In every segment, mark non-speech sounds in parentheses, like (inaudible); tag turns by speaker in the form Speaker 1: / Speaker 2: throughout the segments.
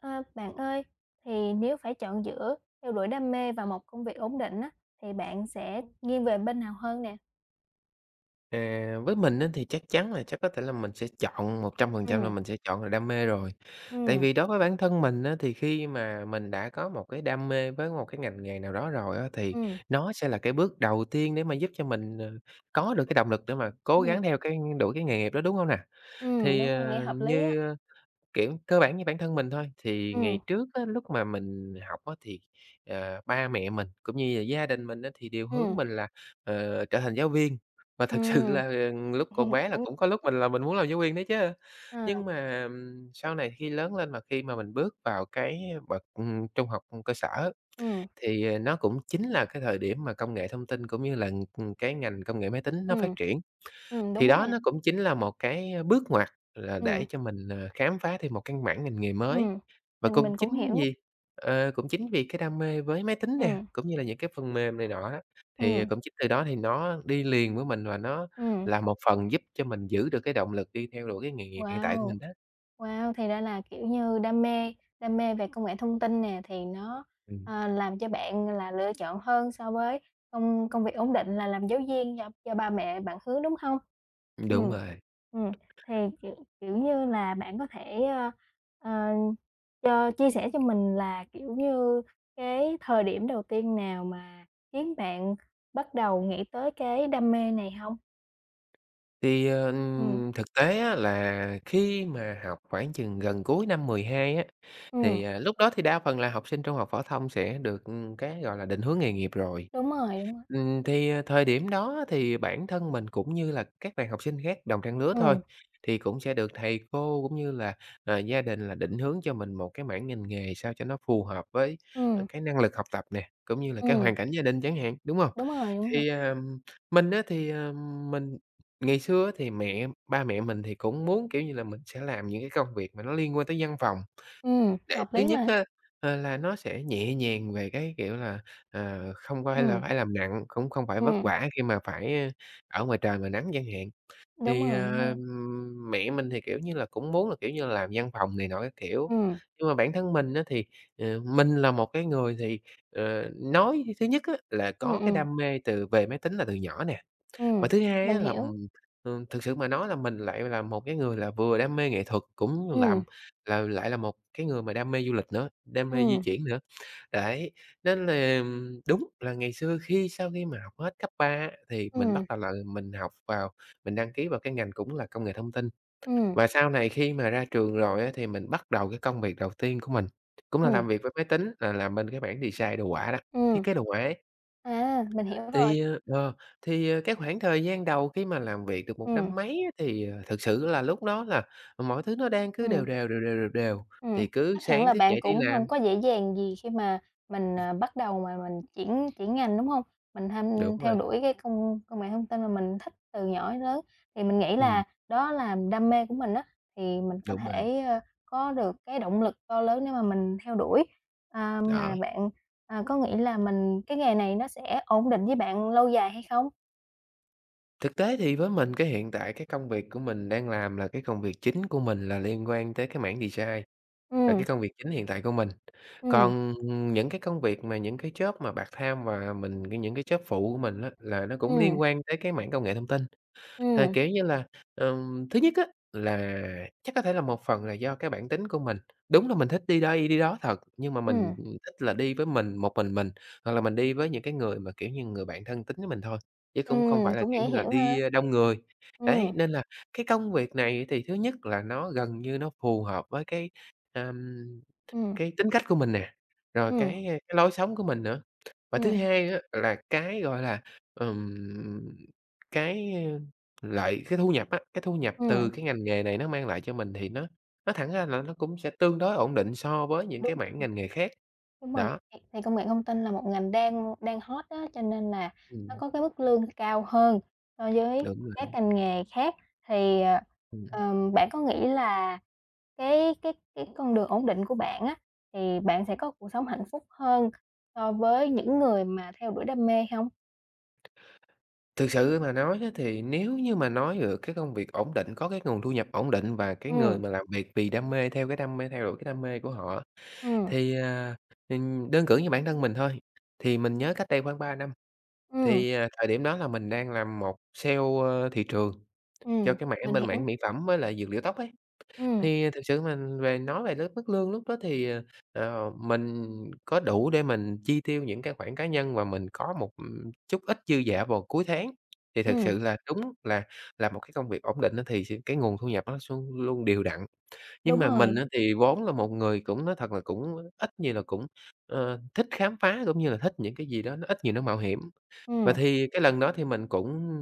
Speaker 1: À, bạn ơi, thì nếu phải chọn giữa theo đuổi đam mê và một công việc ổn định á, thì bạn sẽ nghiêng về bên nào hơn nè?
Speaker 2: À, với mình á thì chắc chắn là chắc có thể là mình sẽ chọn 100% là
Speaker 1: Ừm.
Speaker 2: mình sẽ chọn là đam mê rồi, tại
Speaker 1: Ừm.
Speaker 2: vì đối với bản thân mình á thì khi mà mình đã có một cái đam mê với một cái ngành nghề nào đó rồi á thì
Speaker 1: Ừm.
Speaker 2: nó sẽ là cái bước đầu tiên để mà giúp cho mình, à, có được cái động lực để mà cố
Speaker 1: Ừm.
Speaker 2: gắng theo cái đuổi cái nghề nghiệp đó, đúng hông nè?
Speaker 1: Ừm,
Speaker 2: Thì,
Speaker 1: đúng rồi. Nghe
Speaker 2: à,
Speaker 1: hợp lý á.
Speaker 2: như, ơ, kiểu cơ bản như bản thân mình thôi, thì ngày
Speaker 1: Ừm.
Speaker 2: trước á lúc mà mình học á thì, à, ba mẹ mình cũng như gia gia đình mình á thì đều hướng
Speaker 1: Ừm.
Speaker 2: mình là, ờ, trở thành giáo viên, và thực sự
Speaker 1: Ừm.
Speaker 2: là lúc còn
Speaker 1: (chuckles)
Speaker 2: bé là cũng có lúc
Speaker 1: (unintelligible)
Speaker 2: mình là mình muốn làm giáo viên đó chứ.
Speaker 1: À.
Speaker 2: Nhưng mà, ừm, sau này khi lớn lên mà khi mà mình bước vào cái bậc, ừm, trung học cơ sở,
Speaker 1: Ừm.
Speaker 2: thì nó cũng chính là cái thời điểm mà công nghệ thông tin cũng như là, ừm, cái ngành công nghệ máy tính nó phát
Speaker 1: Ừm.
Speaker 2: triển.
Speaker 1: Ừm, đúng
Speaker 2: Thì
Speaker 1: đó
Speaker 2: đó
Speaker 1: nè.
Speaker 2: nó cũng chính là một cái bước ngoặt là để
Speaker 1: Ừm.
Speaker 2: cho mình, à, khám phá thêm một căn bản ngành nghề mới.
Speaker 1: Ừm.
Speaker 2: Và
Speaker 1: Mình
Speaker 2: cũng
Speaker 1: mình cũng
Speaker 2: chính
Speaker 1: hiểu.
Speaker 2: vì, à, cũng chính vì cái đam mê với máy tính nè,
Speaker 1: Ừm.
Speaker 2: cũng như là những cái phần mềm này nọ á, thì
Speaker 1: Ừm.
Speaker 2: cũng chính từ đó thì nó đi liền với mình và nó
Speaker 1: Ừm.
Speaker 2: là một phần giúp cho mình giữ được cái động lực đi theo đuổi cái nghề nghiệp hiện tại của
Speaker 1: Wow!
Speaker 2: mình đó.
Speaker 1: Wow! Thì ra là, kiểu như, đam mê đam mê về công nghệ thông tin nè thì nó,
Speaker 2: Ừm.
Speaker 1: à, làm cho bạn là lựa chọn hơn so với công công việc ổn định là làm giáo viên do do ba mẹ bạn hướng, đúng hông?
Speaker 2: Đúng
Speaker 1: Ừm,
Speaker 2: rồi.
Speaker 1: ừm. Thì kiểu kiểu như là bạn có thể, ơ, ờ, cho chia sẻ cho mình là, kiểu như, cái thời điểm đầu tiên nào mà khiến bạn bắt đầu nghĩ tới cái đam mê này hông?
Speaker 2: Thì, ờ,
Speaker 1: Ừm.
Speaker 2: thực tế á là khi mà học khoảng chừng gần cuối năm 12 á,
Speaker 1: Ừm.
Speaker 2: thì lúc đó thì đa phần là học sinh trung học phổ thông sẽ được cái, gọi là, định hướng nghề nghiệp rồi.
Speaker 1: Đúng rồi, đúng rồi.
Speaker 2: Ừm, thì thời điểm đó thì bản thân mình cũng như là các bạn học sinh khác đồng trang lứa thôi,
Speaker 1: Ừm.
Speaker 2: thì cũng sẽ được thầy cô cũng như là, ờ, gia đình là định hướng cho mình một cái mảng ngành nghề sao cho nó phù hợp với, ờ,
Speaker 1: Ừm.
Speaker 2: cái năng lực học tập nè, cũng như là cái
Speaker 1: Ừm.
Speaker 2: hoàn cảnh gia đình chẳng hạn, đúng hông?
Speaker 1: Đúng rồi, đúng rồi.
Speaker 2: Thì, à, mình á thì, ờ, mình ngày xưa á thì mẹ ba mẹ mình thì cũng muốn, kiểu như là, mình sẽ làm những cái công việc mà nó liên quan tới văn phòng,
Speaker 1: Ừm,
Speaker 2: để
Speaker 1: hợp
Speaker 2: thứ
Speaker 1: lý
Speaker 2: nhất
Speaker 1: mà.
Speaker 2: á, ờ, là nó sẽ nhẹ nhàng về cái, kiểu là, ờ, không phải là
Speaker 1: Ừm.
Speaker 2: phải làm nặng, cũng không phải vất
Speaker 1: Ừm.
Speaker 2: vả khi mà phải ở ngoài trời ngoài nắng chẳng hạn.
Speaker 1: Đúng
Speaker 2: Thì,
Speaker 1: rồi, đúng rồi.
Speaker 2: ờm, mẹ mình thì, kiểu như là, cũng muốn là, kiểu như, làm văn phòng này nọ các kiểu,
Speaker 1: Ừm.
Speaker 2: nhưng mà bản thân mình á thì, à, mình là một cái người thì, ờ, nói thứ nhất á là
Speaker 1: Ừm,
Speaker 2: có cái
Speaker 1: ừm.
Speaker 2: đam mê từ về máy tính là từ nhỏ nè. Và
Speaker 1: Ừm,
Speaker 2: thứ hai á
Speaker 1: mình
Speaker 2: là,
Speaker 1: hiểu.
Speaker 2: ừm, ừm, thực sự mà nói là mình lại là một cái người là vừa đam mê nghệ thuật, cũng làm,
Speaker 1: Ừm.
Speaker 2: ừ, lại là một cái người mà đam mê du lịch nữa, đam mê di
Speaker 1: Ừm.
Speaker 2: chuyển nữa. Đấy, nên là đúng là ngày xưa khi sau khi mà học hết cấp 3 á thì mình bắt
Speaker 1: Ừm.
Speaker 2: đầu là mình học vào mình đăng ký vào cái ngành cũng là công nghệ thông tin.
Speaker 1: Ừm.
Speaker 2: Và sau này khi mà ra trường rồi á thì mình bắt đầu cái công việc đầu tiên của mình, cũng là làm
Speaker 1: Ừm.
Speaker 2: việc với máy tính là làm bên cái mảng design đồ hoạ đó, thiết
Speaker 1: Ừm.
Speaker 2: kế đồ hoạ ấy.
Speaker 1: À, mình hiểu rồi.
Speaker 2: Thì, ờ, thì cái khoảng thời gian đầu khi mà làm việc được một
Speaker 1: Ừm.
Speaker 2: năm mấy á thì thực sự là lúc đó là mọi thứ nó đang cứ đều
Speaker 1: Ừm.
Speaker 2: đều, đều đều, đều đều,
Speaker 1: Ừm,
Speaker 2: thì cứ
Speaker 1: chắc hẳn
Speaker 2: sáng
Speaker 1: là
Speaker 2: thức
Speaker 1: bạn
Speaker 2: dậy đi
Speaker 1: cũng hông
Speaker 2: làm.
Speaker 1: có dễ dàng gì khi mà mình, à, bắt đầu mà mình chuyển chuyển ngành, đúng hông? Mình h
Speaker 2: Đúng
Speaker 1: theo
Speaker 2: rồi.
Speaker 1: đuổi cái công công nghệ thông tin mà mình thích từ nhỏ đến lớn thì mình nghĩ
Speaker 2: Ừm.
Speaker 1: là đó là đam mê của mình á, thì mình có
Speaker 2: Đúng rồi.
Speaker 1: thể, ơ, có được cái động lực to lớn nếu mà mình theo đuổi. À,
Speaker 2: Đó.
Speaker 1: mà bạn, à, có nghĩ là mình cái nghề này nó sẽ ổn định với bạn lâu dài hay không?
Speaker 2: Thực tế thì với mình, cái, hiện tại cái công việc của mình đang làm là cái công việc chính của mình là liên quan tới cái mảng design, là
Speaker 1: Ừm.
Speaker 2: cái công việc chính hiện tại của mình.
Speaker 1: Ừm.
Speaker 2: Còn những cái công việc mà những cái job mà part-time và mình có những cái job phụ của mình á, là nó cũng
Speaker 1: Ừm.
Speaker 2: liên quan tới cái mảng công nghệ thông tin. Th
Speaker 1: Ừm.
Speaker 2: kiểu như là, ừm, thứ nhất á, là chắc có thể là một phần là do cái bản tính của mình, đúng là mình thích đi đây đi đó thật, nhưng mà mình,
Speaker 1: Ừm.
Speaker 2: ừm, thích là đi với mình, một mình mình, hoặc là mình đi với những cái người mà, kiểu như, người bạn thân tín với mình thôi, chứ cũng không
Speaker 1: Ừm,
Speaker 2: phải là,
Speaker 1: cũng
Speaker 2: kiểu
Speaker 1: dễ
Speaker 2: như là,
Speaker 1: hiểu ha.
Speaker 2: đi đông người. Đấy,
Speaker 1: Ừm.
Speaker 2: nên là cái công việc này thì thứ nhất là nó gần như nó phù hợp với cái, ờm,
Speaker 1: Ừm.
Speaker 2: cái tính cách của mình nè, rồi
Speaker 1: Ừm.
Speaker 2: cái, ơ, cái lối sống của mình nữa. Và thứ
Speaker 1: Ừm.
Speaker 2: hai nữa là cái, gọi là, ừm, cái lợi cái thu nhập á, cái thu nhập từ
Speaker 1: Ừm.
Speaker 2: cái ngành nghề này nó mang lại cho mình thì nó nói thẳng ra là nó cũng sẽ tương đối ổn định so với những
Speaker 1: Đúng
Speaker 2: cái
Speaker 1: rồi.
Speaker 2: mảng ngành nghề khác,
Speaker 1: Đúng rồi,
Speaker 2: đó.
Speaker 1: thì thì công nghệ thông tin là một ngành đang đang hot á, cho nên là nó
Speaker 2: Ừm.
Speaker 1: có cái mức lương cao hơn so với
Speaker 2: Đúng rồi
Speaker 1: các
Speaker 2: đó.
Speaker 1: ngành nghề khác. Thì, ờ,
Speaker 2: Ừm.
Speaker 1: ừm, bạn có nghĩ là cái cái cái con đường ổn định của bạn á thì bạn sẽ có cuộc sống hạnh phúc hơn so với những người mà theo đuổi đam mê hông?
Speaker 2: Thực sự mà nói á thì nếu như mà nói được cái công việc ổn định, có cái nguồn thu nhập ổn định và cái người
Speaker 1: Ừm.
Speaker 2: mà làm việc vì đam mê, theo cái đam mê, theo đuổi cái đam mê của họ,
Speaker 1: Ừm.
Speaker 2: thì, à, ừm đơn cử như bản thân mình thôi, thì mình nhớ cách đây khoảng 3 năm.
Speaker 1: Ừm.
Speaker 2: Thì, à, thời điểm đó là mình đang làm một sale, ơ, thị trường cho
Speaker 1: Ừm,
Speaker 2: cái mảng
Speaker 1: mình
Speaker 2: bên mảng
Speaker 1: hiểu.
Speaker 2: mỹ phẩm với là dược liệu tóc ấy.
Speaker 1: Ừm.
Speaker 2: Thì thực sự mà về nói về cái mức lương lúc đó thì, à, à, mình có đủ để mình chi tiêu những cái khoản cá nhân và mình có một chút ít dư giả vào cuối tháng. Thì thật
Speaker 1: Ừm.
Speaker 2: sự là đúng là là một cái công việc ổn định á thì sẽ cái nguồn thu nhập nó luôn luôn đều đặn. Nhưng
Speaker 1: Đúng
Speaker 2: mà mình
Speaker 1: rồi.
Speaker 2: á thì vốn là một người cũng, nói thật là, cũng ít nhiều là cũng, ờ, thích khám phá cũng như là thích những cái gì đó nó ít nhiều nó mạo hiểm. Và
Speaker 1: Ừm.
Speaker 2: thì cái lần đó thì mình cũng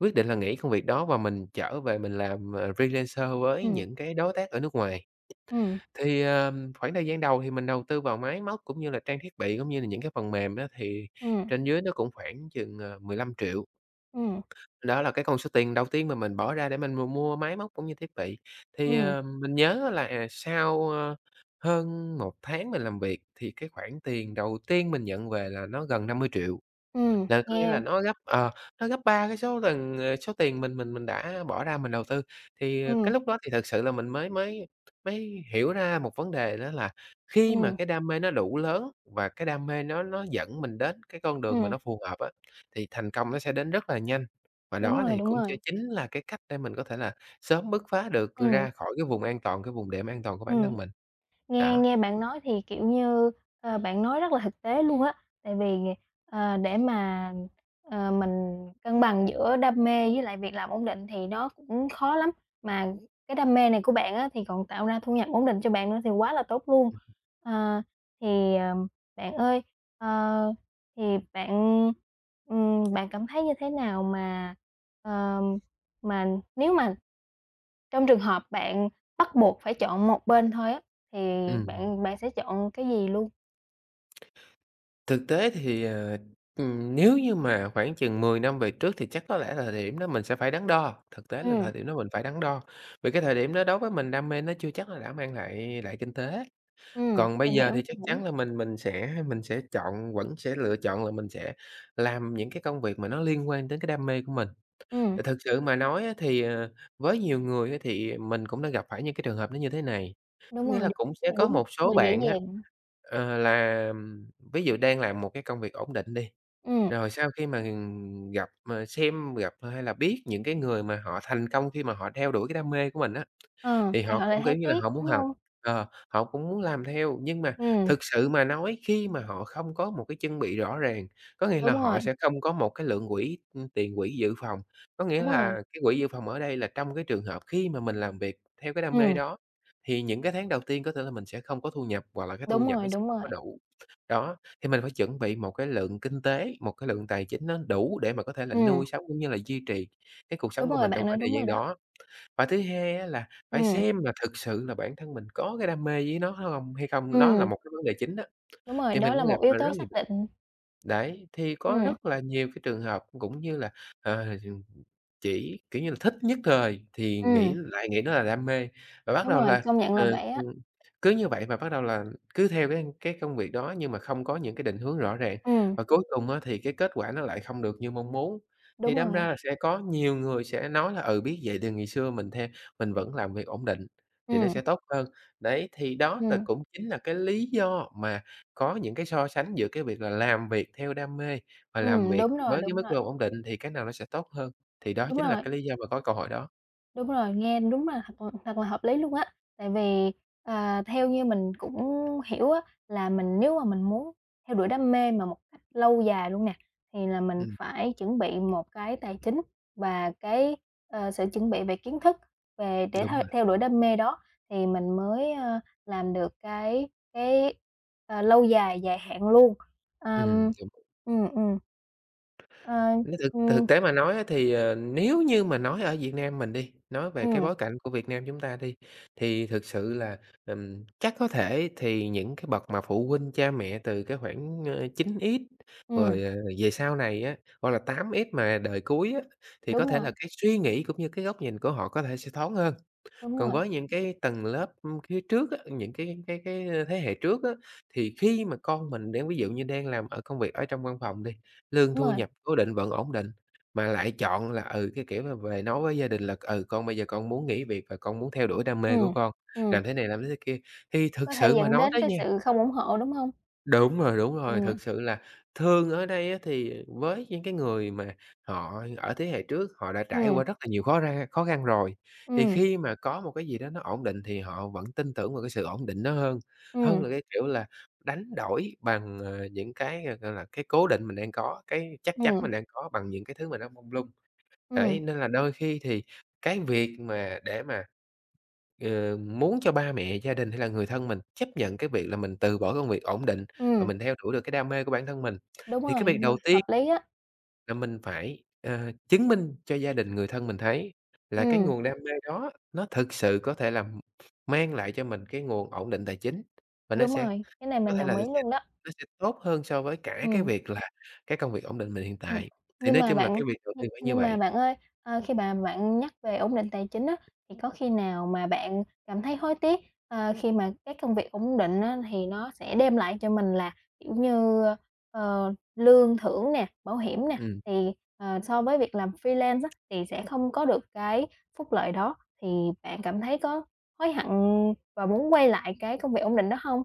Speaker 2: quyết định là nghỉ công việc đó và mình trở về mình làm, à, freelancer với
Speaker 1: Ừm.
Speaker 2: những cái đối tác ở nước ngoài.
Speaker 1: Ừm.
Speaker 2: Thì, ờ, khoảng thời gian đầu thì mình đầu tư vào máy móc cũng như là trang thiết bị cũng như là những cái phần mềm á thì
Speaker 1: Ừm.
Speaker 2: trên dưới nó cũng khoảng chừng, à, 15.000.000.
Speaker 1: Ừm.
Speaker 2: Đó là cái con số tiền đầu tiên mà mình bỏ ra để mình m mua máy móc cũng như thiết bị. Thì,
Speaker 1: Ừm.
Speaker 2: à, mình nhớ là, à, sau, a, hơn 1 tháng mình làm việc thì cái khoản tiền đầu tiên mình nhận về là nó gần 50.000.000.
Speaker 1: Ừm,
Speaker 2: Là có nghĩa
Speaker 1: nghe
Speaker 2: là nó gấp, ờ, nó gấp 3 cái số lần, à, số tiền mình mình mình đã bỏ ra mình đầu tư. Thì cái
Speaker 1: Ừm.
Speaker 2: lúc đó thì thật sự là mình mới mới mới hiểu ra một vấn đề đó là khi mà
Speaker 1: Ừm.
Speaker 2: cái đam mê nó đủ lớn và cái đam mê nó nó dẫn mình đến cái con đường mà
Speaker 1: Ừm.
Speaker 2: nó phù hợp á, thì thành công nó sẽ đến rất là nhanh. Và
Speaker 1: Đúng
Speaker 2: đó
Speaker 1: rồi,
Speaker 2: thì
Speaker 1: đúng
Speaker 2: cũng ch
Speaker 1: rồi.
Speaker 2: chính là cái cách để mình có thể là sớm bức phá được
Speaker 1: Ừm.
Speaker 2: ra khỏi cái vùng an toàn, cái vùng đệm an toàn của bản
Speaker 1: Ừm.
Speaker 2: thân mình.
Speaker 1: Nghe
Speaker 2: Đó.
Speaker 1: nghe bạn nói thì, kiểu như, ờ, bạn nói rất là thực tế luôn á, tại vì d ờ, để mà, ờ, mình cân bằng giữa đam mê với lại việc làm ổn định thì nó cũng khó lắm, mà cái đam mê này của bạn á thì còn tạo ra thu nhập ổn định cho bạn nữa thì quá là tốt luôn. À, thì, à, bạn ơi, ờ, thì bạn, ừm, bạn cảm thấy như thế nào mà, ờ, mà nếu mà trong trường hợp bạn bắt buộc phải chọn một bên thôi á thì
Speaker 2: Ừm.
Speaker 1: bạn bạn sẽ chọn cái gì luôn?
Speaker 2: Thực tế thì, ờ, ừm, nếu như mà khoảng chừng 10 năm về trước thì chắc có lẽ là thời điểm đó mình sẽ phải đắn đo, thực tế là
Speaker 1: Ừm.
Speaker 2: thời điểm đó mình phải đắn đo. Vì cái thời điểm đó đối với mình đam mê nó chưa chắc là đã mang lại lại kinh tế.
Speaker 1: Ừm,
Speaker 2: Còn bây
Speaker 1: mình
Speaker 2: giờ
Speaker 1: hiểu.
Speaker 2: thì chắc chắn
Speaker 1: (unintelligible)
Speaker 2: là mình mình sẽ mình sẽ chọn vẫn sẽ lựa chọn là mình sẽ làm những cái công việc mà nó liên quan đến cái đam mê của mình.
Speaker 1: Ừm.
Speaker 2: Tại thực sự mà nói á thì, ờ, với nhiều người á thì mình cũng đã gặp phải những cái trường hợp nó như thế này, có
Speaker 1: Đúng
Speaker 2: nghĩa
Speaker 1: rồi,
Speaker 2: là
Speaker 1: đúng
Speaker 2: cũng sẽ
Speaker 1: là
Speaker 2: có
Speaker 1: đúng
Speaker 2: một
Speaker 1: không
Speaker 2: số
Speaker 1: là dễ
Speaker 2: bạn á,
Speaker 1: dàng.
Speaker 2: ờ, làm ví dụ đang làm một cái công việc ổn định đi,
Speaker 1: Ừm.
Speaker 2: rồi sau khi mà gặp mà xem gặp hay là biết những cái người mà họ thành công khi mà họ theo đuổi cái đam mê của mình á.
Speaker 1: Ờ,
Speaker 2: Thì
Speaker 1: thì
Speaker 2: họ
Speaker 1: họ lại
Speaker 2: cũng, kiểu
Speaker 1: thấy
Speaker 2: như là,
Speaker 1: tiếc,
Speaker 2: họ muốn
Speaker 1: đúng
Speaker 2: học,
Speaker 1: hông?
Speaker 2: ờ, họ cũng muốn làm theo, nhưng mà
Speaker 1: Ừm.
Speaker 2: thực sự mà nói khi mà họ không có một cái chân bị rõ ràng, có nghĩa là
Speaker 1: Đúng
Speaker 2: họ
Speaker 1: rồi.
Speaker 2: sẽ không có một cái lượng quỹ, ừm, tiền quỹ dự phòng. Có nghĩa
Speaker 1: Đúng rồi.
Speaker 2: là cái quỹ dự phòng ở đây là trong cái trường hợp khi mà mình làm việc theo cái đam mê
Speaker 1: Ừm.
Speaker 2: đó thì những cái tháng đầu tiên có thể là mình sẽ không có thu nhập hoặc là cái thu
Speaker 1: Đúng
Speaker 2: nhập nó
Speaker 1: rồi,
Speaker 2: sẽ
Speaker 1: đúng
Speaker 2: không
Speaker 1: rồi.
Speaker 2: có đủ. Đó, thì mình phải chuẩn bị một cái lượng kinh tế, một cái lượng tài chính nó đủ để mà có thể là
Speaker 1: Ừm.
Speaker 2: nuôi sống cũng như là duy trì cái cuộc
Speaker 1: Đúng
Speaker 2: sống của
Speaker 1: rồi,
Speaker 2: mình trong
Speaker 1: bạn nói
Speaker 2: khoảng thời
Speaker 1: đúng
Speaker 2: gian
Speaker 1: rồi đó.
Speaker 2: đó. Và thứ hai á là phải
Speaker 1: Ừm.
Speaker 2: xem là thực sự là bản thân mình có cái đam mê với nó nó hông hay không, đó là
Speaker 1: Ừm.
Speaker 2: một cái vấn đề chính đó,
Speaker 1: Đúng rồi,
Speaker 2: thì mình
Speaker 1: đó là
Speaker 2: cũng
Speaker 1: một
Speaker 2: gặp
Speaker 1: yếu
Speaker 2: là rất
Speaker 1: tố
Speaker 2: nhiều
Speaker 1: xác
Speaker 2: bạn.
Speaker 1: định.
Speaker 2: Đấy, thì có
Speaker 1: Ừm.
Speaker 2: rất là nhiều cái trường hợp cũng như là, ờ, ch chỉ, kiểu như là, thích nhất thời thì nghĩ
Speaker 1: Ừm.
Speaker 2: lại nghĩ đó là đam mê, và bắt
Speaker 1: Đúng
Speaker 2: đầu
Speaker 1: rồi,
Speaker 2: là,
Speaker 1: công nhận là
Speaker 2: ờ,
Speaker 1: vậy á.
Speaker 2: ừm, cứ như vậy và bắt đầu là cứ theo cái cái công việc đó nhưng mà không có những cái định hướng rõ ràng,
Speaker 1: Ừm.
Speaker 2: và cuối cùng á thì cái kết quả nó lại không được như mong muốn. Thì
Speaker 1: Đúng
Speaker 2: đâm ra
Speaker 1: rồi.
Speaker 2: là sẽ có nhiều người sẽ nói là, ừ, biết vậy thì ngày xưa mình the mình vẫn làm việc ổn định thì nó sẽ
Speaker 1: Ừm.
Speaker 2: tốt hơn. Đấy, thì đó
Speaker 1: Ừm.
Speaker 2: cũng chính là cái lý do mà có những cái so sánh giữa cái việc là làm việc theo đam mê và làm
Speaker 1: Ừm,
Speaker 2: việc
Speaker 1: đúng rồi,
Speaker 2: với cái
Speaker 1: đúng
Speaker 2: mức
Speaker 1: rồi.
Speaker 2: lương ổn định thì cái nào nó sẽ tốt hơn. Thì đó
Speaker 1: Đúng
Speaker 2: chính là
Speaker 1: rồi.
Speaker 2: cái lý do mà có câu hỏi đó.
Speaker 1: Đúng rồi nghe đúng là thật là thật là hợp lý luôn á, tại vì, ờ, theo như mình cũng hiểu á là mình nếu mà mình muốn theo đuổi đam mê mà một cách lâu dài luôn nè thì là mình
Speaker 2: Ừm.
Speaker 1: phải chuẩn bị một cái tài chính và cái, ờ, sự chuẩn bị về kiến thức về để
Speaker 2: Đúng
Speaker 1: thôi
Speaker 2: rồi.
Speaker 1: theo đuổi đam mê đó thì mình mới, ờ, làm được cái cái, ờ, lâu dài, dài hạn luôn. À,
Speaker 2: Ừm,
Speaker 1: ừm.
Speaker 2: đúng rồi.
Speaker 1: Ừm, ừm. Ờ,
Speaker 2: Nói thực
Speaker 1: ừm.
Speaker 2: thực tế mà nói á thì, à, nếu như mà nói ở Việt Nam mình đi, nói về cái
Speaker 1: Ừm.
Speaker 2: bối cảnh của Việt Nam chúng ta đi, thì thực sự là, ừm, chắc có thể thì những cái bậc mà phụ huynh cha mẹ từ cái khoảng, ơ, 9X
Speaker 1: Ừm.
Speaker 2: rồi, à, về sau này á, hoặc là 8X mà đời cuối á, thì có
Speaker 1: Đúng
Speaker 2: thể
Speaker 1: rồi.
Speaker 2: là cái suy nghĩ cũng như cái góc nhìn của họ có thể sẽ thoáng hơn.
Speaker 1: Đúng
Speaker 2: Còn
Speaker 1: rồi.
Speaker 2: với những cái tầng lớp, ưm, phía trước á, những cái cái cái thế hệ trước á, thì khi mà con mình đang ví dụ như đang làm công việc ở trong văn phòng đi, lương
Speaker 1: Đúng
Speaker 2: thu
Speaker 1: rồi.
Speaker 2: nhập cố định vẫn ổn định, mà lại chọn là, ừ, cái kiểu là về nói với gia đình là, ừ, con bây giờ con muốn nghỉ việc và con muốn theo đuổi đam mê của
Speaker 1: Ừm,
Speaker 2: con,
Speaker 1: ừm.
Speaker 2: làm thế này làm thế thế kia. Thì thực
Speaker 1: Có thể
Speaker 2: sự mà
Speaker 1: dẫn
Speaker 2: nói
Speaker 1: đến
Speaker 2: đấy
Speaker 1: cái
Speaker 2: nha.
Speaker 1: sự không ủng hộ, đúng hông?
Speaker 2: Đúng rồi, đúng rồi.
Speaker 1: Ừm.
Speaker 2: Thực sự là thương ở đây á, thì với những cái người mà họ ở thế hệ trước, họ đã trải
Speaker 1: Ừm.
Speaker 2: qua rất là nhiều khó ra khó khăn rồi, thì
Speaker 1: Ừm.
Speaker 2: khi mà có một cái gì đó nó ổn định thì họ vẫn tin tưởng vào cái sự ổn định đó hơn, hơn
Speaker 1: Ừm.
Speaker 2: là cái kiểu là đánh đổi bằng, à, những cái, g gọi là, cái cố định mình đang có, cái chắc chắn mình
Speaker 1: Ừm.
Speaker 2: đang có bằng những cái thứ mà nó mông lung. Đấy,
Speaker 1: Ừm.
Speaker 2: nên là đôi khi thì cái việc mà để mà, ừ, muốn cho ba mẹ, gia đình hay là người thân mình chấp nhận cái việc là mình từ bỏ công việc ổn định, mà
Speaker 1: Ừm.
Speaker 2: mình theo đuổi được cái đam mê của bản thân mình,
Speaker 1: Đúng
Speaker 2: thì cái
Speaker 1: rồi,
Speaker 2: việc
Speaker 1: đúng rồi.
Speaker 2: đầu ti
Speaker 1: Hợp lý á.
Speaker 2: là mình phải, à, chứng minh cho gia đình người thân mình thấy là cái
Speaker 1: Ừm.
Speaker 2: nguồn đam mê đó nó thực sự có thể là mang lại cho mình cái nguồn ổn định tài chính, và nó
Speaker 1: Đúng
Speaker 2: sẽ
Speaker 1: rồi. Cái này
Speaker 2: có
Speaker 1: mình
Speaker 2: thể là
Speaker 1: đồng
Speaker 2: nó
Speaker 1: ý
Speaker 2: sẽ
Speaker 1: luôn đó.
Speaker 2: nó sẽ tốt hơn so với cả cái
Speaker 1: Ừm.
Speaker 2: việc là cái công việc ổn định mình hiện
Speaker 1: Ừm.
Speaker 2: tại. Thì
Speaker 1: Nhưng
Speaker 2: nói
Speaker 1: mà
Speaker 2: chung là cái
Speaker 1: bạn,
Speaker 2: việc đầu tiên
Speaker 1: (unintelligible)
Speaker 2: phải như
Speaker 1: nhưng mà
Speaker 2: vậy.
Speaker 1: bạn ơi, ờ, khi mà bạn nhắc về ổn định tài chính á, thì có khi nào mà bạn cảm thấy hối tiếc, ờ, khi mà cái công việc ổn định á thì nó sẽ đem lại cho mình là kiểu như, ơ, ờ, lương thưởng nè, bảo hiểm nè,
Speaker 2: Ừm.
Speaker 1: thì, ờ, so với việc làm freelance á thì sẽ không có được cái phúc lợi đó. Thì bạn cảm thấy có hối hận và muốn quay lại cái công việc ổn định đó hông?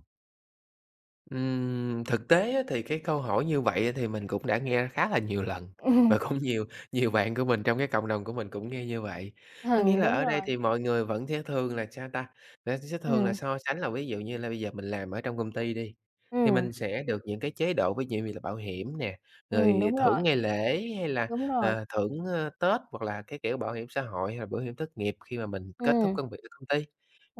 Speaker 2: Ừm, thực tế á thì cái câu hỏi như vậy thì mình cũng đã nghe khá là nhiều lần, và
Speaker 1: (chuckles)
Speaker 2: cũng nhiều nhiều bạn của mình trong cái cộng đồng của mình cũng nghe như vậy. Có nghĩa
Speaker 1: (chuckles)
Speaker 2: là
Speaker 1: Đúng
Speaker 2: ở đây
Speaker 1: rồi.
Speaker 2: thì mọi người vẫn sẽ thường là sao ta, là sẽ thường là
Speaker 1: Ừm.
Speaker 2: so sánh là ví dụ như là bây giờ mình làm ở trong công ty đi, thì
Speaker 1: Ừm.
Speaker 2: mình sẽ được những cái chế độ ví dụ như là bảo hiểm nè,
Speaker 1: Ừm,
Speaker 2: rồi
Speaker 1: đúng rồi.
Speaker 2: thưởng ngày lễ hay là,
Speaker 1: Đúng rồi.
Speaker 2: ơ, thưởng Tết hoặc là cái kiểu bảo hiểm xã hội hay là bảo hiểm thất nghiệp khi mà mình kết thúc
Speaker 1: Ừm.
Speaker 2: công việc ở công ty.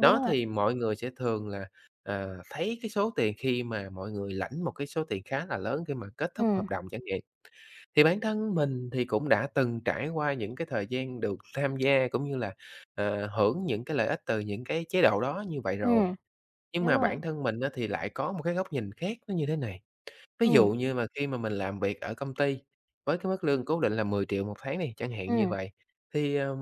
Speaker 2: Đó,
Speaker 1: rồi.
Speaker 2: thì mọi người sẽ thường là, à, thấy cái số tiền khi mà mọi người lãnh một cái số tiền khá là lớn khi mà kết thúc
Speaker 1: Ừm.
Speaker 2: hợp đồng chẳng nhiệm. Thì bản thân mình thì cũng đã từng trải qua những cái thời gian được tham gia cũng như là, ờ, hưởng những cái lợi ích từ những cái chế độ đó như vậy rồi.
Speaker 1: Ừm,
Speaker 2: Nhưng
Speaker 1: đúng
Speaker 2: mà
Speaker 1: rồi.
Speaker 2: bản thân mình á thì lại có một cái góc nhìn khác nó như thế này. Ví dụ
Speaker 1: Ừm.
Speaker 2: như mà khi mà mình làm việc ở công ty với cái mức lương cố định là 10.000.000 một tháng đi, chẳng hạn như
Speaker 1: Ừm.
Speaker 2: vậy, thì, ờ,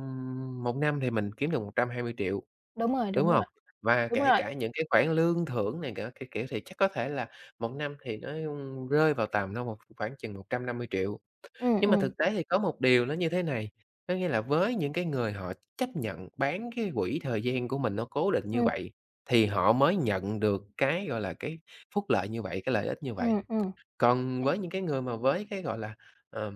Speaker 2: một năm thì mình kiếm được 120.000.000,
Speaker 1: Đúng rồi,
Speaker 2: đúng
Speaker 1: đúng rồi.
Speaker 2: hông? Và
Speaker 1: Đúng
Speaker 2: kể
Speaker 1: rồi.
Speaker 2: cả những cái khoản lương thưởng này cả các kiểu thì chắc có thể là một năm thì nó rơi vào tầm đâu một khoảng chừng 150.000.000.
Speaker 1: Ừm,
Speaker 2: Nhưng mà
Speaker 1: ừm.
Speaker 2: thực tế thì có một điều nó như thế này, có nghĩa là với những cái người họ chấp nhận bán cái quỹ thời gian của mình nó cố định như
Speaker 1: Ừm.
Speaker 2: vậy, thì họ mới nhận được cái, gọi là, cái phúc lợi như vậy, cái lợi ích như vậy.
Speaker 1: Ừm, ừm.
Speaker 2: Còn với những
Speaker 1: Hiểu.
Speaker 2: cái người mà với cái, gọi là, ờ,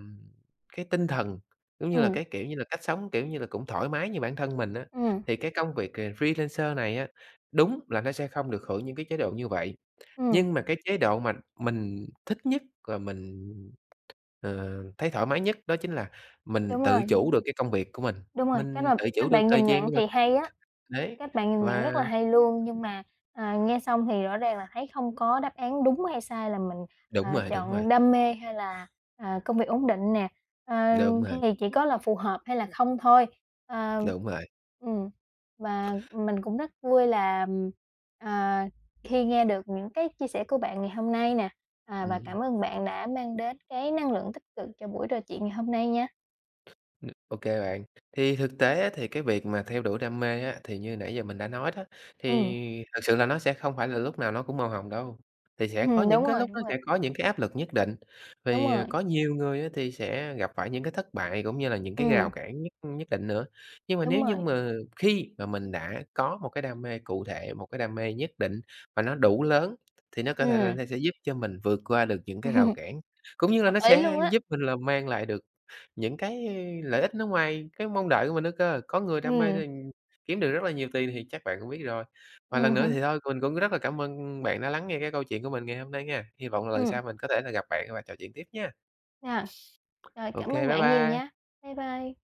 Speaker 2: cái tinh thần, giống như là
Speaker 1: Ừm.
Speaker 2: cái, kiểu như là, cách sống, kiểu như là, cũng thoải mái như bản thân mình á,
Speaker 1: Ừm.
Speaker 2: thì cái công việc, à, freelancer này á, đúng là nó sẽ không được hưởng những cái chế độ như vậy.
Speaker 1: Ừm.
Speaker 2: Nhưng mà cái chế độ mà mình thích nhất và mình, ờ, thấy thoải mái nhất đó chính là mình
Speaker 1: Đúng
Speaker 2: tự
Speaker 1: rồi, đúng rồi.
Speaker 2: chủ được cái công việc của mình,
Speaker 1: Đúng rồi, cái
Speaker 2: mình
Speaker 1: mà
Speaker 2: tự chủ
Speaker 1: cách
Speaker 2: được
Speaker 1: bạn
Speaker 2: thời
Speaker 1: nhìn
Speaker 2: gian
Speaker 1: nhận
Speaker 2: cho mình.
Speaker 1: thì hay á,
Speaker 2: Đấy,
Speaker 1: cách bạn nhìn nhận
Speaker 2: và
Speaker 1: rất là hay luôn, nhưng mà, à, nghe xong thì rõ ràng là thấy không có đáp án đúng hay sai là mình, ờ,
Speaker 2: Đúng rồi, đúng rồi.
Speaker 1: chọn đam mê hay là, à, công việc ổn định nè, ờ,
Speaker 2: Đúng
Speaker 1: thì
Speaker 2: rồi.
Speaker 1: chỉ có là phù hợp hay là không thôi. Ờ
Speaker 2: Đúng rồi.
Speaker 1: ừm, và mình cũng rất vui là, à, khi nghe được những cái chia sẻ của bạn ngày hôm nay nè, à, và
Speaker 2: Ừm.
Speaker 1: cảm ơn bạn đã mang đến cái năng lượng tích cực cho buổi trò chuyện ngày hôm nay nha.
Speaker 2: Ờ, ô kê bạn. Thì thực tế á thì cái việc mà theo đuổi đam mê á, thì như nãy giờ mình đã nói đó,
Speaker 1: Ừm.
Speaker 2: thì thực sự là nó sẽ không phải là lúc nào nó cũng màu hồng đâu, thì sẽ có
Speaker 1: Ừm,
Speaker 2: những
Speaker 1: đúng
Speaker 2: cái
Speaker 1: rồi,
Speaker 2: lúc
Speaker 1: đúng
Speaker 2: nó
Speaker 1: rồi.
Speaker 2: sẽ có những cái áp lực nhất định.
Speaker 1: Đúng
Speaker 2: Vì, à,
Speaker 1: rồi.
Speaker 2: có nhiều người á thì sẽ gặp phải những cái thất bại cũng như là những cái rào
Speaker 1: Ừm.
Speaker 2: cản nhất nhất định nữa. Nhưng mà nếu
Speaker 1: Đúng
Speaker 2: như
Speaker 1: rồi.
Speaker 2: mà khi mà mình đã có một cái đam mê cụ thể, một cái đam mê nhất định mà nó đủ lớn thì nó có thể là
Speaker 1: Ừm.
Speaker 2: nó sẽ giúp cho mình vượt qua được những cái rào
Speaker 1: (chuckles)
Speaker 2: cản cũng như là
Speaker 1: Hợp
Speaker 2: nó
Speaker 1: lý
Speaker 2: sẽ
Speaker 1: luôn á.
Speaker 2: giúp mình là mang lại được những cái lợi ích nó ngoài cái mong đợi của mình nữa cơ. Có người đam mê,
Speaker 1: Ừm.
Speaker 2: ừm, kiếm được rất là nhiều tiền thì chắc bạn cũng biết rồi. Và lần
Speaker 1: Ừm
Speaker 2: nữa
Speaker 1: hứm.
Speaker 2: thì thôi mình cũng rất là cảm ơn bạn đã lắng nghe cái câu chuyện của mình ngày hôm nay nghe. Hy vọng là lần
Speaker 1: Ừm.
Speaker 2: sau mình có thể là gặp bạn và trò chuyện tiếp nha.
Speaker 1: À, rồi cảm
Speaker 2: OK,
Speaker 1: ơn
Speaker 2: bye
Speaker 1: bạn nhiều
Speaker 2: bye.
Speaker 1: nha. Bye bye.